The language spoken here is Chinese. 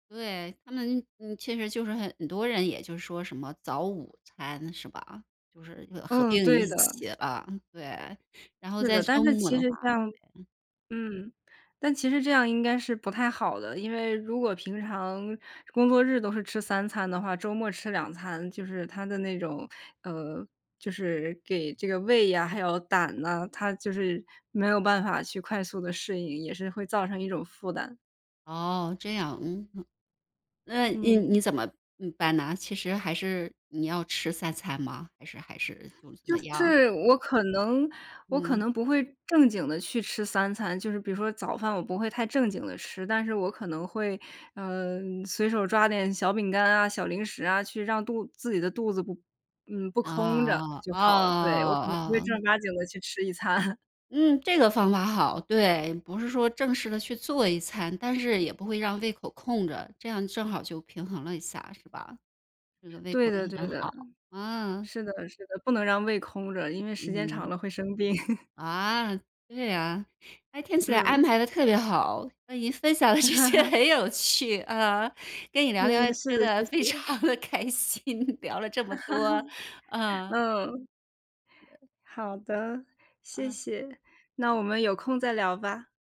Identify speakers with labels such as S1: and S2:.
S1: 对，他们，嗯，其实就是很多人也就说什么，早午餐是吧？就是合
S2: 嗯，
S1: 并
S2: 对
S1: 一
S2: 的。
S1: 起，嗯，对。然后
S2: 是
S1: 在
S2: 的，但
S1: 周
S2: 是
S1: 末的
S2: 其
S1: 话
S2: 实像
S1: 嗯。
S2: 嗯，但其实这样应该是不太好的，因为如果平常，工作日都是吃3餐的话，周末吃2餐就是它的那种，呃，就是给这个胃呀，还有胆呐，它就是，没有办法去快速地适应，也是会造成一种负担。
S1: 哦，这样，嗯？那呃，
S2: 嗯。
S1: 你怎么呃办呢？其实还是你要吃3餐吗？还是还是就怎
S2: 就
S1: 么样？
S2: 是我可能我可
S1: 嗯。
S2: 能不会正经地去吃3餐。就是比如说早饭我不会太正经地吃，但是我可能会，呃，随手抓点小饼干啊，小零食啊，去让肚子自己的肚子，嗯，不空着
S1: 啊
S2: 就
S1: 啊，
S2: 好了，对。我可能不会
S1: 啊！
S2: 正
S1: 哦。
S2: 儿八经地去吃一餐。
S1: 嗯！这个方法好，对。不是说正式地去做一餐，但是也不会让胃口空着，这样正好就平衡了一下，是吧？这个胃
S2: 对
S1: 口也
S2: 的对
S1: 很
S2: 的，
S1: 好。嗯。
S2: 是的是的，不能让胃空着，因为时间长
S1: 嗯。
S2: 了会生病。
S1: 啊，对啊，诶，听起来安
S2: 嗯。
S1: 排得特别好！那您分享的这些 很有趣，呃，跟你聊
S2: 嗯，
S1: 天，
S2: 是
S1: 真
S2: 的，
S1: 的
S2: 谢
S1: 非
S2: 谢。
S1: 常地开心，聊了这么多，嗯。
S2: 嗯。好的，谢
S1: 呃。
S2: 谢，那我们有空再聊吧。